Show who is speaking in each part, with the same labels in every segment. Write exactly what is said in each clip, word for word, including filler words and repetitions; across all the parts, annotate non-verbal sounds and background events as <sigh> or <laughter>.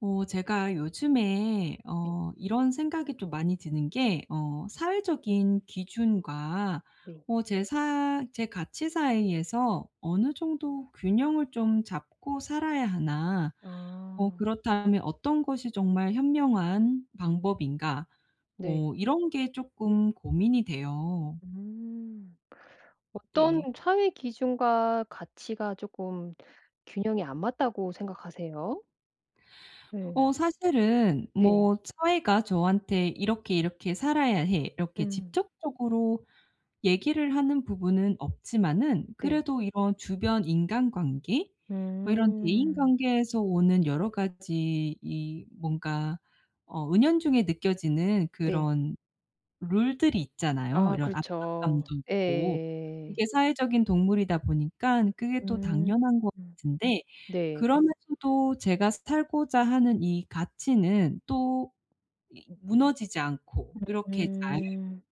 Speaker 1: 어 제가 요즘에
Speaker 2: 네.
Speaker 1: 어 이런 생각이 좀 많이 드는 게 어 '사회적인 기준과
Speaker 2: 네.
Speaker 1: 어 제 사 제 가치 사이에서 어느 정도 균형을 좀 잡고 살아야 하나? 어
Speaker 2: 아.
Speaker 1: 그렇다면 어떤 것이 정말 현명한 방법인가?'
Speaker 2: 네.
Speaker 1: 어 이런 게 쪼끔 고민이 돼요.
Speaker 2: 음. 어떤
Speaker 1: 네.
Speaker 2: 사회 기준과 가치가 쪼끔 균형이 안 맞다고 생각하세요? 네.
Speaker 1: 어 사실은
Speaker 2: 네.
Speaker 1: 뭐 사회가 저한테 "이렇게 이렇게 살아야 해." 이렇게
Speaker 2: 음.
Speaker 1: 집접적으로 얘기를 하는 부분은 없지만은
Speaker 2: 네.
Speaker 1: 그래도 이런 주변 인간관계 뭐 이런 대인
Speaker 2: 음.
Speaker 1: 관계에서 오는 여러 가지 이 뭔가 어 은연중에 느껴지는
Speaker 2: 네.
Speaker 1: 그런 룰들이 있잖아요,
Speaker 2: 아
Speaker 1: 이런
Speaker 2: 그렇죠.
Speaker 1: 압박감도 있고.
Speaker 2: 예.
Speaker 1: 이게 사회적인 동물이다 보니깐 그게 또
Speaker 2: 음.
Speaker 1: 당연한 것
Speaker 2: 음.
Speaker 1: 같은데
Speaker 2: 네.
Speaker 1: 그러면서도 제가 스탈고자 하는 이 가치는 또 이 '무너지지 않고 이렇게 잘
Speaker 2: 음.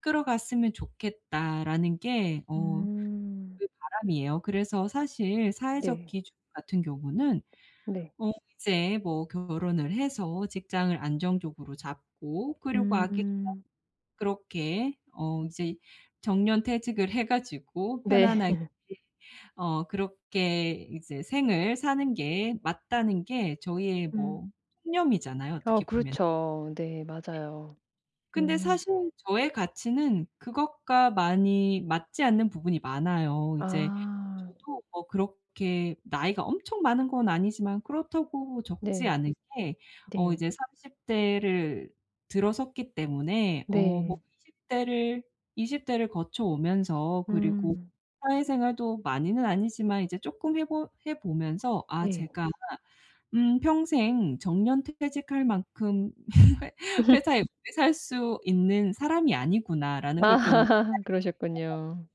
Speaker 1: 끌어 갔으면 좋겠다.'라는 게 어
Speaker 2: 음.
Speaker 1: 그 바람이에요. 그래서 사실 사회적
Speaker 2: 네.
Speaker 1: 기준 같은 경우는
Speaker 2: 네.
Speaker 1: 어 이제 뭐 결혼을 해서 직장을 안정적으로 잡고 그리고 아기를 <unintelligible>
Speaker 2: 음.
Speaker 1: 그렇게 어 이제 정년퇴직을 해 가지고
Speaker 2: 네.
Speaker 1: 편안하게
Speaker 2: <laughs>
Speaker 1: 어 그렇게 이제 생을 사는 게 맞다는 게 저희의
Speaker 2: 음.
Speaker 1: 뭐 신념이잖아요,
Speaker 2: 어
Speaker 1: 어떻게 보면은. 네.
Speaker 2: 그렇죠. 네. 맞아요.
Speaker 1: 근데
Speaker 2: 음.
Speaker 1: 사실 저의 가치는 그것과 많이 맞지 않는 부분이 많아요. 이제
Speaker 2: 아.
Speaker 1: 저도 뭐 그렇게 나이가 엄청 많은 건 아니지만 그렇다고 적지
Speaker 2: 네.
Speaker 1: 않은 게 어
Speaker 2: 네.
Speaker 1: 이제 삼십 대를 들어섰기 때문에 어 뭐
Speaker 2: 네.
Speaker 1: 이십 대를, 이십 대를 거쳐오면서 그리고
Speaker 2: 음.
Speaker 1: 사회생활도 많이는 아니지만 이제 쪼끔 해보 해 보면서 아
Speaker 2: 네.
Speaker 1: 제가 '음. 평생 정년퇴직할 만큼 회
Speaker 2: <laughs>
Speaker 1: 회사에 오래 살 수 있는 사람이 아니구나.'라는
Speaker 2: 아
Speaker 1: 걸 좀
Speaker 2: <laughs> 그러셨군요.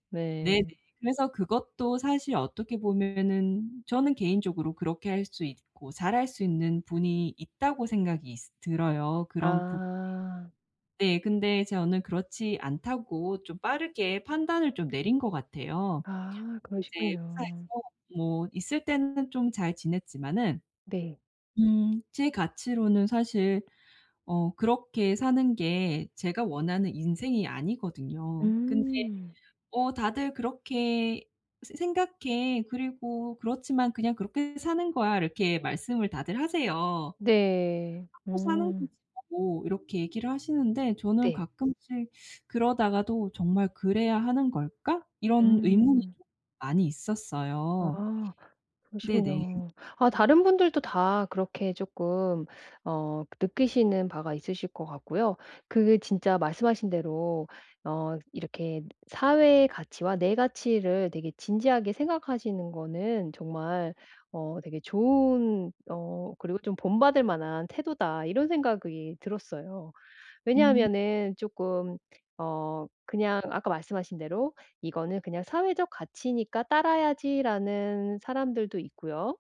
Speaker 1: <unintelligible> 네네.
Speaker 2: 네.
Speaker 1: 그래서 그것도 사실 어떻게 보면은 저는 개인적으로 그렇게 할 수 있고 잘할 수 있는 분이 있다고 생각이 있 들어요, 그런 부분이.
Speaker 2: 아.
Speaker 1: 네. 근데 저는 그렇지 않다고 좀 빠르게 판단을 좀 내린 것 같아요.
Speaker 2: 아.
Speaker 1: 이제
Speaker 2: 그러시군요.
Speaker 1: 회사에서 뭐 있을 때는 좀 잘 지냈지만은
Speaker 2: 네.
Speaker 1: 음 제 가치로는 사실 어 그렇게 사는 게 제가 원하는 인생이 아니거든요. 근데
Speaker 2: 음.
Speaker 1: 어 "다들 그렇게 새 생각 해. 그리고 그렇지만 그냥 그렇게 사는 거야." 이렇게 말씀을 다들 하세요.
Speaker 2: 네.
Speaker 1: "하고 사는
Speaker 2: 음.
Speaker 1: 거지."라고 이렇게 얘기를 하시는데 저는
Speaker 2: 네.
Speaker 1: 가끔씩 그러다가도 '정말 그래야 하는 걸까?' 이런 의문이
Speaker 2: 음.
Speaker 1: 좀 많이 있었어요.
Speaker 2: 아.
Speaker 1: 네네.
Speaker 2: 그러시군요. 아 다른 분들도 다 그렇게 조끔 어 느끼시는 바가 있으실 것 같고요. 그게 진짜 말씀하신 대로 어 '이렇게 사회의 가치와 내 가치를 되게 진지하게 생각하시는 거는 정말 어 되게 좋은 어 그리고 좀 본받을 만한 태도다.' 이런 생각이 들었어요.
Speaker 1: 음.
Speaker 2: 왜냐하면은 쪼끔 어 그냥 아까 말씀하신 대로 "이거는 그냥 사회적 가치니까 따라야지."라는 사람들도 있고요.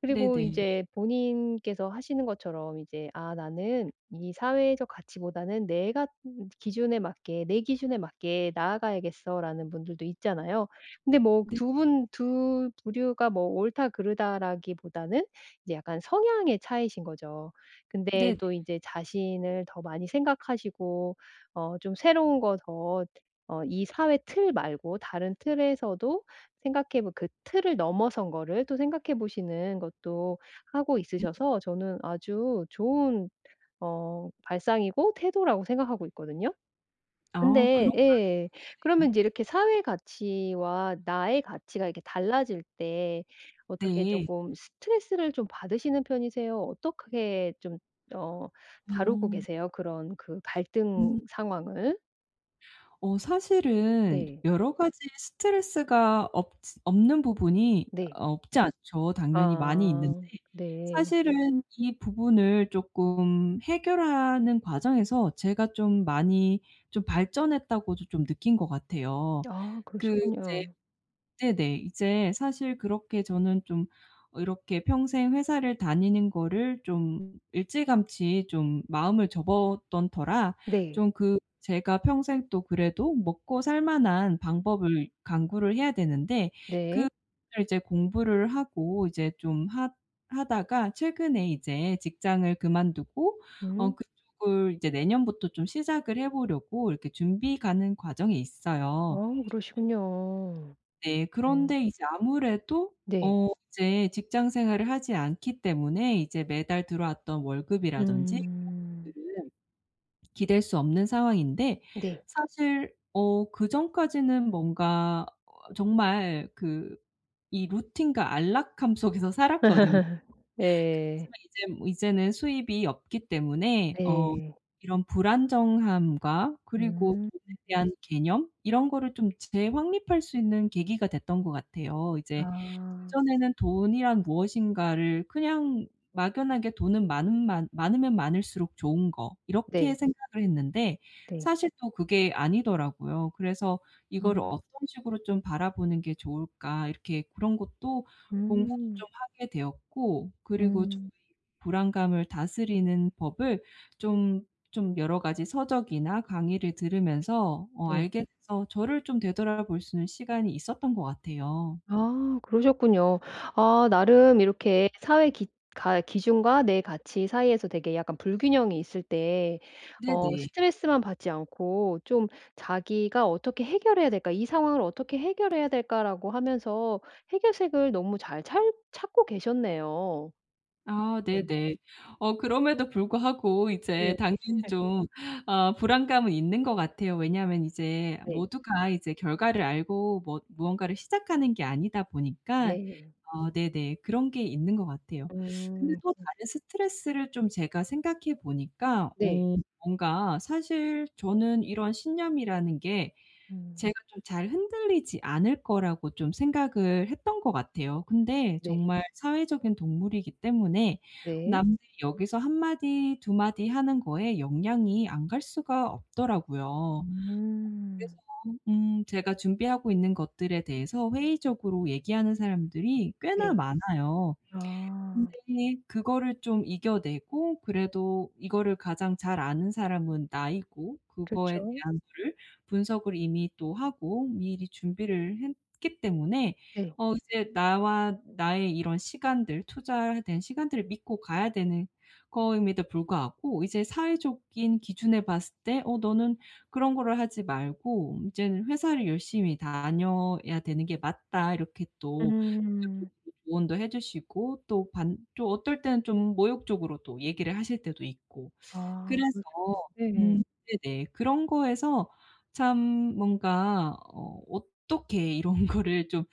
Speaker 2: 그리고
Speaker 1: 네네.
Speaker 2: 이제 본인께서 하시는 것처럼 이제 '아. 나는 이 사회적 가치보다는 내가 <unintelligible> 기준에 맞게 내 기준에 맞게 나아가야겠어.'라는 분들도 있잖아요. 근데 뭐
Speaker 1: 네네.
Speaker 2: 두 분 두 부류가 뭐 옳다 그르다라기보다는 이제 약간 성향의 차이이신 거죠. 근데
Speaker 1: 네네.
Speaker 2: 또 이제 자신을 더 많이 생각하시고 어 좀 새로운 거 더 어 이 사회 틀 말고 다른 틀에서도 생각해 보 그 틀을 넘어선 거를 또 생각해 보시는 것도 하고
Speaker 1: 음.
Speaker 2: 있으셔서 저는 아주 좋은 어 발상이고 태도라고 생각하고 있거든요.
Speaker 1: 아.
Speaker 2: 근데
Speaker 1: 그런가요?
Speaker 2: 예.
Speaker 1: 네네.
Speaker 2: 그러면 이제 이렇게 사회 가치와 나의 가치가 이렇게 달라질 때 어떻게
Speaker 1: 네.
Speaker 2: 쪼끔 스트레스를 좀 받으시는 편이세요? 어떻게 좀 어 다루고
Speaker 1: 어.
Speaker 2: 계세요? 그런 그 갈등
Speaker 1: 음.
Speaker 2: 상황을?
Speaker 1: 어 사실은
Speaker 2: 네.
Speaker 1: 여러 가지 스트레스가 없지 없는 부분이
Speaker 2: 네.
Speaker 1: 없지 않죠. 당연히 많이 있는데
Speaker 2: 아. 네.
Speaker 1: 사실은 이 부분을 조금 해결하는 과정에서 제가 좀 많이 좀 발전했다고도 좀 느낀 것 같아요.
Speaker 2: 아
Speaker 1: 그 이제
Speaker 2: 그러셨군요.
Speaker 1: 네네. 이제 사실 그렇게 저는 좀 이렇게 평생 회사를 다니는 거를 좀 일찌감치 좀 마음을 접었던 터라
Speaker 2: 네.
Speaker 1: 좀 그 제가 평생 또 그래도 먹고살 만한 방법을 강구를 해야 되는데
Speaker 2: 네.
Speaker 1: 그거를 이제 공부를 하고 이제 좀 하 하다가 최근에 이제 직장을 그만두고 어
Speaker 2: 음.
Speaker 1: 그쪽을 이제 내년부터 좀 시작을 해 보려고 이렇게 준비 가는 과정에
Speaker 2: 아
Speaker 1: 있어요.
Speaker 2: 그러시군요.
Speaker 1: 네.
Speaker 2: 어.
Speaker 1: 그런데 이제 아무래도
Speaker 2: 네.
Speaker 1: 어 이제 직장생활을 하지 않기 때문에 이제 매달 들어왔던 월급이라든지
Speaker 2: 음.
Speaker 1: <unintelligible> 기댈 수 없는 상황인데
Speaker 2: 네.
Speaker 1: 사실 어 그전까지는 뭔가 정말 그 이 루틴과 안락함 속에서 살았거든요.
Speaker 2: <laughs> 네.
Speaker 1: 그렇지만 이젠 뭐 이제는 수입이 없기 때문에 어
Speaker 2: 네.
Speaker 1: 이런 불안정함과 그리고
Speaker 2: 음.
Speaker 1: 돈에 대한 개념 이런 거를 좀 재확립할 수 있는 계기가 됐던 것 같아요. 이제
Speaker 2: 아.
Speaker 1: 그전에는 돈이란 무엇인가를 그냥 막연하게 '돈은 많은 많 많으면 많을수록 좋은 거.' 이렇게
Speaker 2: 네.
Speaker 1: 생각을 했는데
Speaker 2: 네.
Speaker 1: 사실 또 그게 아니더라고요. 그래서 '이거를
Speaker 2: 음.
Speaker 1: 어떤 식으로 좀 바라보는 게 좋을까?' 이렇게 그런 것도 공부도
Speaker 2: 음.
Speaker 1: 좀 하게 되었고 그리고 좀
Speaker 2: 음.
Speaker 1: 이 불안감을 다스리는 법을 좀 좀 여러 가지 서적이나 강의를 들으면서 어
Speaker 2: 네.
Speaker 1: 알게 돼서 저를 좀 되돌아볼 수 있는 시간이 있었던 것 같아요.
Speaker 2: 아 그러셨군요. 아 나름 이렇게 사회 기 가 기준과 내 가치 사이에서 되게 약간 불균형이 있을 때 어
Speaker 1: 네네.
Speaker 2: 스트레스만 받지 않고 좀 자기가 '어떻게 해결해야 될까? 이 상황을 어떻게 해결해야 될까?' 라고 하면서 해결책을 너무 잘 찰 찾고 계셨네요.
Speaker 1: 아
Speaker 2: <unintelligible>
Speaker 1: 네네. 어 그럼에도 불구하고 이제
Speaker 2: 네.
Speaker 1: 당연히
Speaker 2: <unintelligible>
Speaker 1: 좀 어 불안감은 있는 것 같아요. 왜냐하면 이제
Speaker 2: 네.
Speaker 1: 모두가 이제 결과를 알고 뭐 무언가를 시작하는 게 아니다 보니까.
Speaker 2: 네.
Speaker 1: 어 네네. 그런 게 있는 것 같아요. 근데
Speaker 2: 음.
Speaker 1: 또
Speaker 2: 그러시
Speaker 1: 다른 스트레스를 좀 제가 생각해 보니까
Speaker 2: 네.
Speaker 1: 어 뭔가 사실 저는 이런 신념이라는 게
Speaker 2: 음.
Speaker 1: 제가 좀 잘 흔들리지 않을 거라고 좀 생각을 했던 것 같아요. 근데
Speaker 2: 네.
Speaker 1: 정말 사회적인 동물이기 때문에
Speaker 2: 네.
Speaker 1: 남들이 여기서 한 마디 두 마디 하는 거에 영향이 안 갈 수가 없더라고요. 그래서
Speaker 2: 음.
Speaker 1: 음 제가 준비하고 있는 것들에 대해서 회의적으로 얘기하는 사람들이 꽤나
Speaker 2: 네.
Speaker 1: 많아요.
Speaker 2: 아.
Speaker 1: 근데 그거를 좀 이겨내고 그래도 이거를 가장 잘 아는 사람은 나이고 그거에
Speaker 2: 그쵸.
Speaker 1: 대한 거를 분석을 이미 또 하고 미리 준비를 했기 때문에
Speaker 2: 네.
Speaker 1: 어 이제 나와 나의 이런 시간들 투자에 대한 시간들을 믿고 가야 되는 거임에도 불구하고 이제 사회적인 기준에 봤을 때 어 "너는 그런 거를 하지 말고 이제는 회사를 열심히 다녀야 되는 게 맞다." 이렇게 또 이런
Speaker 2: 음.
Speaker 1: 쪽으로 조언도 해주시고 또 반 또 어떨 때는 좀 모욕적으로 또 얘기를 하실 때도 있고.
Speaker 2: 아
Speaker 1: 그래서
Speaker 2: 그러시군요. 예.
Speaker 1: 음 네네. 그런 거에서 참 뭔가 어 '어떻게 이런 거를 좀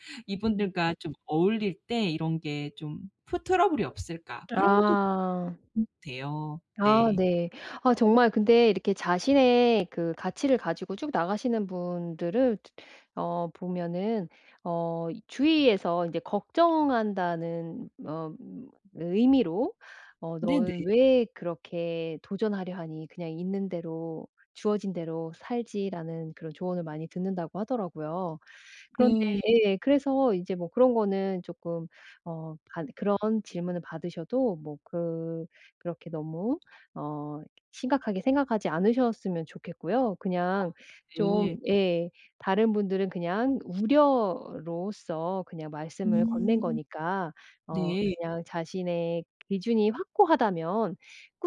Speaker 2: 음.
Speaker 1: 이분들과 좀 어울릴 때 이런 게 좀 프 트러블이 없을까?' 그런 것도
Speaker 2: 아.
Speaker 1: <unintelligible> 돼요.
Speaker 2: 아
Speaker 1: 네.
Speaker 2: 네. 아 정말 근데 이렇게 자신의 그 가치를 가지고 쭉 나가시는 분들을 드 어 보면은 어 주위에서 인제 걱정한다는 어 의미로 어 "너는
Speaker 1: 네네.
Speaker 2: 왜 그렇게 도전하려 하니. 그냥 있는 대로 주어진 대로 살지." 라는 그런 조언을 많이 듣는다고 하더라고요. 그런데
Speaker 1: 네.
Speaker 2: 예. 그래서 이제 뭐 그런 거는 조금 어 받 그런 질문을 받으셔도 뭐 그 그렇게 너무 어 심각하게 생각하지 않으셨으면 좋겠고요.
Speaker 1: 아
Speaker 2: 그냥 좀
Speaker 1: 네네.
Speaker 2: 예. 다른 분들은 그냥 우려로써 그냥 말씀을 건넨
Speaker 1: 음.
Speaker 2: 거니까 어
Speaker 1: 네.
Speaker 2: 그냥 자신의 기준이 확고하다면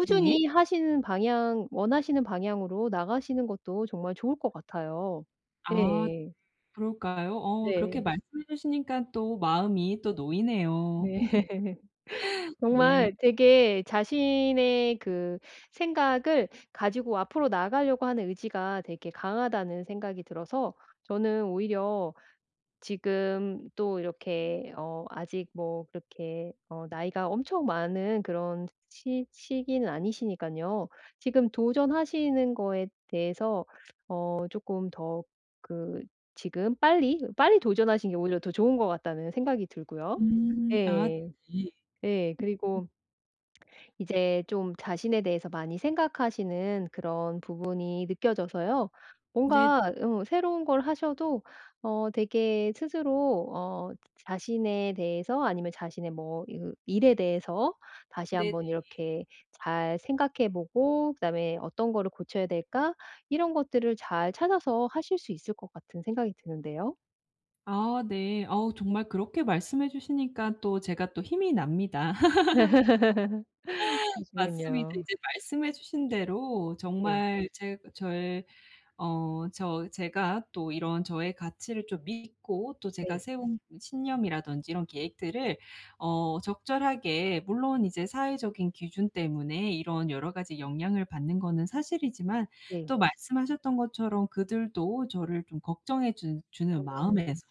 Speaker 1: 네.
Speaker 2: 하시는 방향 원하시는 방향으로 나가시는 것도 정말 좋을 것 같아요.
Speaker 1: 아 <unintelligible>
Speaker 2: 예예.
Speaker 1: 그럴까요? 어 그렇게
Speaker 2: 네.
Speaker 1: 말씀해 주시니까 또 마음이 또 놓이네요.
Speaker 2: 네.
Speaker 1: <laughs>
Speaker 2: <laughs>
Speaker 1: 네.
Speaker 2: 정말 되게 '자신의 그 생각을 가지고 앞으로 나아가려고 하는 의지가 되게 강하다.' 는 생각이 들어서 저는 오히려 지금 또 이렇게 어 아직 뭐 그렇게 어 나이가 엄청 많은 그런 시 시기는 아니시니깐요. 지금 도전하시는 거에 대해서 어 '조금 더 그 지금 빨리 빨리 도전하시는 게 오히려 더 좋은 것 같다.' 는 생각이 들고요.
Speaker 1: 음. 아
Speaker 2: 예.
Speaker 1: 네네.
Speaker 2: 예. 그리고 이제 좀 자신에 대해서 많이 생각하시는 그런 부분이 느껴져서요.
Speaker 1: 네.
Speaker 2: 뭔가 어 새로운 걸 하셔도 어 되게 스스로 어 자신에 대해서 아니면 자신의 뭐 으 일에 대해서 다시
Speaker 1: 네네.
Speaker 2: 한번 이렇게 잘 생각해 보고 '그다음에 어떤 거를 고쳐야 될까?' 이런 것들을 잘 찾아서 하실 수 있을 것 같은 생각이 드는데요.
Speaker 1: 아 네. 어우 정말 그렇게 말씀해 주시니까 또 제가 또 힘이 납니다.
Speaker 2: <laughs>
Speaker 1: <laughs> 맞습니다.
Speaker 2: 그러시군요.
Speaker 1: 이제 말씀해 주신 대로
Speaker 2: 네.
Speaker 1: 정말 제그 저의 어 저 제가 또 이런 저의 가치를 좀 믿고 또 제가
Speaker 2: 네.
Speaker 1: 세운 그 신념이라든지 이런 계획들을 어 적절하게 물론 이제 사회적인 기준 때문에 이런 여러 가지 영향을 받는 거는 사실이지만
Speaker 2: 네.
Speaker 1: 또 말씀하셨던 것처럼 그들도 저를 좀 걱정해 주 주는
Speaker 2: 음.
Speaker 1: 마음에서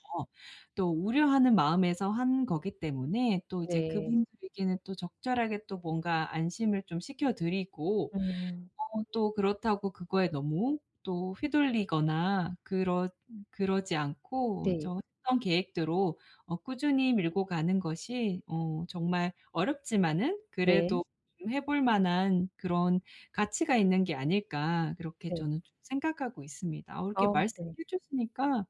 Speaker 1: 또 우려하는 마음에서 한 거기 때문에 또 이제
Speaker 2: 네.
Speaker 1: 그분들께는 또 적절하게 또 뭔가 안심을 좀 시켜 드리고
Speaker 2: 음.
Speaker 1: 어 또 '그렇다고 그거에 너무 또 휘둘리거나 그렇 그러지 않고
Speaker 2: 네.
Speaker 1: 좀 했던 계획대로 어 꾸준히 밀고 가는 것이 어 정말 어렵지만은
Speaker 2: 네.
Speaker 1: 그래도 좀 해 볼 만한 그런 가치가 있는 게 아닐까?' 그렇게
Speaker 2: 네.
Speaker 1: 저는 좀 생각하고 있습니다. 어 이렇게
Speaker 2: 아 네.
Speaker 1: 말씀해 주시니까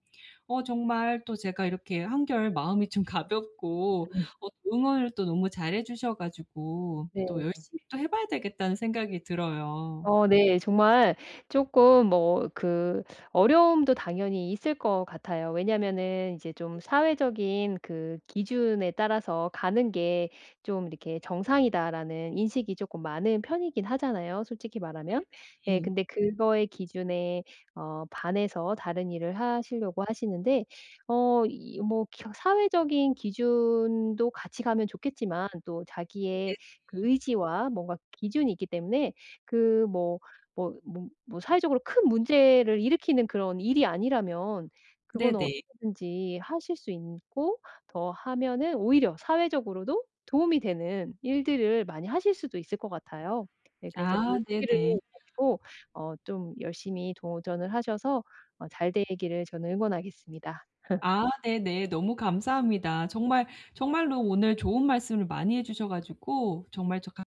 Speaker 1: 어 정말 또 제가 이렇게 한결 마음이 좀 가볍고
Speaker 2: 음.
Speaker 1: 어 응원을 또 너무 잘해 주셔 가지고
Speaker 2: 네.
Speaker 1: 또 열심히 또 해 봐야 되겠다는 생각이 들어요.
Speaker 2: 어 네, 정말 쪼끔 뭐 그 어려움도 당연히 있을 것 같아요. 왜냐하면은 이제 좀
Speaker 1: 네네.
Speaker 2: '사회적인 그 기준에 따라서 가는 게 좀 이렇게 정상이다.'라는 인식이 조금 많은 편이긴 하잖아요, 솔직히 말하면. 예.
Speaker 1: 네네. 예.
Speaker 2: 근데 그거의 기준에 어 반해서 다른 일을 하시려고 하시는데 어 이 뭐 겨 사회적인 기준도 같이 가면 좋겠지만 또 자기의
Speaker 1: 네네.
Speaker 2: 그 의지와 뭔가 기준이 있기 때문에 그 뭐 뭐 뭐 뭐 사회적으로 큰 문제를 일으키는 그런 일이 아니라면 그거는
Speaker 1: 네네.
Speaker 2: 언제든지 하실 수 인고 더 하면은 오히려 사회적으로도 도움이 되는 일들을 많이 하실 수도 있을 것 같아요. 네, 그래서
Speaker 1: 아.
Speaker 2: 용기를
Speaker 1: 네네.
Speaker 2: 가지고 어 좀 열심히 도전을 하셔서 어 잘 되기를 저는 응원하겠습니다. <laughs>
Speaker 1: 아, 네네. 너무 감사합니다. 정말, 정말로 오늘 좋은 말씀을 많이 해 주셔 가지고 정말 저 감